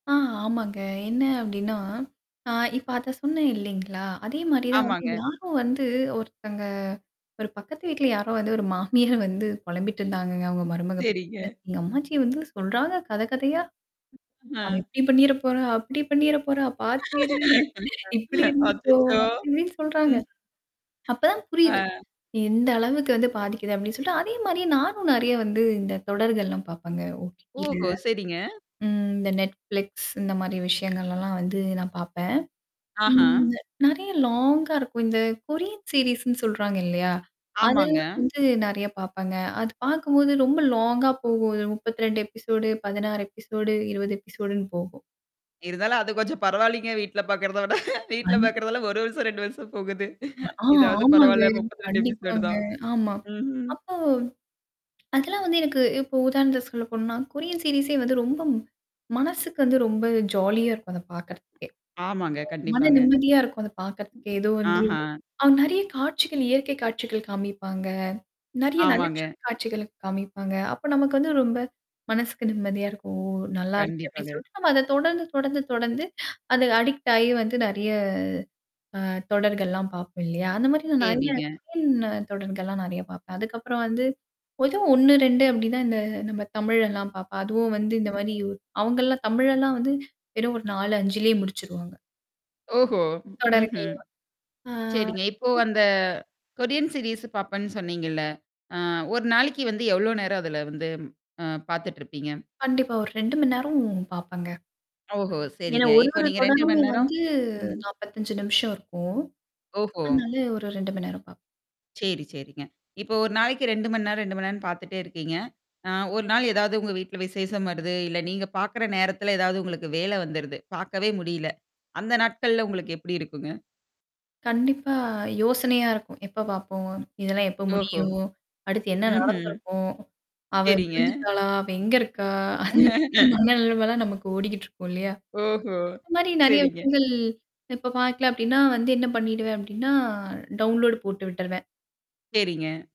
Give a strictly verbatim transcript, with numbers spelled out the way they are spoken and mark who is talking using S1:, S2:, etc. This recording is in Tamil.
S1: அ. ஆமாங்க. என்ன அப்படின்னா ஆ இப்ப அத சொன்னேன் இல்லேங்களா? அதே மாரி தான் வந்து
S2: ஆமாங்க.
S1: யாரோ வந்து ஒருத்தங்க ஒரு பக்கத்து வீட்ல யாரோ வந்து ஒரு மாமியார் வந்து புலம்பிட்டுருந்தாங்கங்க அவங்க மருமக பத்தி.
S2: சேரிங்க.
S1: எங்க அம்மாச்சி வந்து சொல்றாங்க கதை கதையா. "அவ
S2: ஆ.
S1: இப்படி பண்ணிற போறா, அப்படி பண்ணிற போறா, பார்த்து இரு. இப்படி இருந்துக்கோ."
S2: அச்சச்சோ!
S1: அப்டி இப்படின்னு சொல்றாங்க.
S2: ம்.
S1: அப்ப தான்
S2: ஆ.
S1: புரியுது. எந்த அளவுக்கு வந்து பாதிக்குது அப்படினு சொல்லிட்டு அதே மாரியே நானும் நிறைய வந்து இந்த தொடர்கள்லாம் பாரப்பேங்க. O-T-Tல.
S2: ஓஹோ! சரிங்க.
S1: ம் இந்த NETFLIX இந்த மாரி விஷயங்கள்லலாம் வந்து நான் பார்ப்பேன்.
S2: ஆஹா.
S1: ம் நெறைய லாங்கா இருக்கும். இந்த கொரியன் சீரிஸ்ன்னு சீரீஸ் சொல்றாங்க இல்லையா?
S2: ஆமாங்க.
S1: அதெல்லாம் வந்து நிறைய பாரப்பேங்க. அது பார்க்கும்போது ரொம்ப லாங்கா போகும். முப்பத்தி ரெண்டு எபிசோடு பதினாறு எபிசோடு இருபது எபிசோடுன்னு போகும்.
S2: இருந்தாலும் அது கொஞ்சம் பரவாயில்லங்க. வீட்ல பார்க்கறத விட. வீட்ல
S1: அஞ்சி
S2: பாார்கறதெல்லாம் ஒரு வருஷம், ரெண்டு வருஷம் போகுது.
S1: ஆ.
S2: இதாவது
S1: ஆமாங்க.
S2: பரவால்ல. முப்பத்திரெண்டு எபிசோடு
S1: கண்டிப்பாங்க.
S2: தான்.
S1: ஆமா.
S2: ம்ஹ்ம்.
S1: அப்போ அதெல்லாம் வந்து எனக்கு இப்போ உதாரணத்துக்கு சொல்ல போனோம்னா, கொரியன் சீரிஸே வந்து ரொம்ப மனசுக்கு வந்து ரொம்ப ஜாலியா இருக்கும் அத பார்க்கறதுக்கே.
S2: ஆமாங்க.
S1: மன
S2: கண்டிப்பாங்க.
S1: நிம்மதியா இருக்கும் அந்த பார்க்கறதுக்கே. ஏதோ வந்து
S2: ஆஹா.
S1: அவங்க நிறைய காட்சிகள் இயற்கை காட்சிகள் காமிப்பாங்க. நெறைய நகைச்சுவை
S2: ஆமாங்க.
S1: காட்சிகள் காமிப்பாங்க. அப்ப நமக்கு வந்து ரொம்ப, மனசுக்கு நிம்மதியா இருக்கும். ஓ! நல்லா இருக்கே அப்படின்னு
S2: கண்டிப்பாங்க.
S1: சொல்லிட்டு நம்ம அத தொடர்ந்து, தொடர்ந்து, தொடர்ந்து அது அடிக்ட் ஆகி வந்து நிறைய அ தொடர்கள்லாம் பார்ப்போம் இல்லையா? அந்த மாரி நான் நிறைய
S2: சேரிங்க.
S1: [unintelligible] தொடர்கள்லாம் நிறைய பார்ப்பேன். அதுக்கப்புறம் வந்து. பொதுவா ஒண்ணு ரெண்டு அப்படி தான் இந்த நம்ம தமிழ்லல்லாம் பார்ப்பேன். அதுவும் வந்து இந்த மாரி அவங்கலாம் தமிழ்லல்லாம் வந்து வெறும் ஒரு நாலு, அஞ்சுலேயே முடிச்சுருவாங்க.
S2: ஓஹோ!
S1: தொடருக்கு
S2: ம்ஹ்ம்.
S1: இல்லவா. ஆ.
S2: சரிங்க. இப்போ
S1: ம்.
S2: அந்த, கொரியன் சீரிஸ் பார்ப்பேன்னு சொன்னீங்கல்ல? அ ஒரு நாளைக்கு வந்து எவ்ளோ நேரம் அதுல இருந்து அ பார்த்துட்டு இருப்பீங்க?
S1: கண்டிப்பா. ஒரு ரெண்டு மணி நேரம் பாரப்பேங்க.
S2: ஓஹோ!
S1: ஏன்னா
S2: சரிங்க.
S1: ஒரு,
S2: இப்ப
S1: ஒரு
S2: நீங்க ரெண்டு
S1: தொடரும்
S2: மணி நேரம்
S1: வந்து
S2: ம்.
S1: நாப்பத்தஞ்சு நிமிஷம் இருக்கும்.
S2: ஓஹோ!
S1: அதனால ஒரு ரெண்டு மணி நேரம் பார்ப்பேன்.
S2: சேரி, சேரிங்க. இப்ப ஒரு நாளைக்கு ரெண்டு மணி நேரம், ரெண்டு மணி நேரம்னு பார்த்துட்டே இருக்கீங்க. ஆ ஒரு நாள் ஏதாவது உங்க வீட்ல விசேஷம் வருது, இல்ல நீங்க பார்க்கற நேரத்தல ஏதாவது உங்களுக்கு வேல வந்துருது. பார்க்கவே முடியல. அந்த நாட்கள்ல உங்களுக்கு எப்படி இருக்குங்க?
S1: கண்டிப்பா யோசனையா இருக்கும். எப்ப பார்ப்போம்? இதெல்லாம் எப்போ
S2: ஓஹோ!
S1: முடியும்? அடுத்து என்ன
S2: ம்ஹ்ம்.
S1: நடந்திருக்கும்? அவ
S2: சரிங்க.
S1: விழுந்துட்டாளா? அவ எங்க இருக்கா? அந்த மாரி நினைவெல்லாம் நமக்கு ஓடிக்கிட்டு இருக்கும் இல்லையா?
S2: ஓஹோ!
S1: இந்த மாரி நிறைய
S2: சரிங்க.
S1: விஷயங்கள். இப்ப பார்க்கல அப்படின்னா, வந்து என்ன பண்ணிடுவேன் அப்படின்னா டவுன்லோட் போட்டு விட்டுருவேன்.
S2: சரிங்க.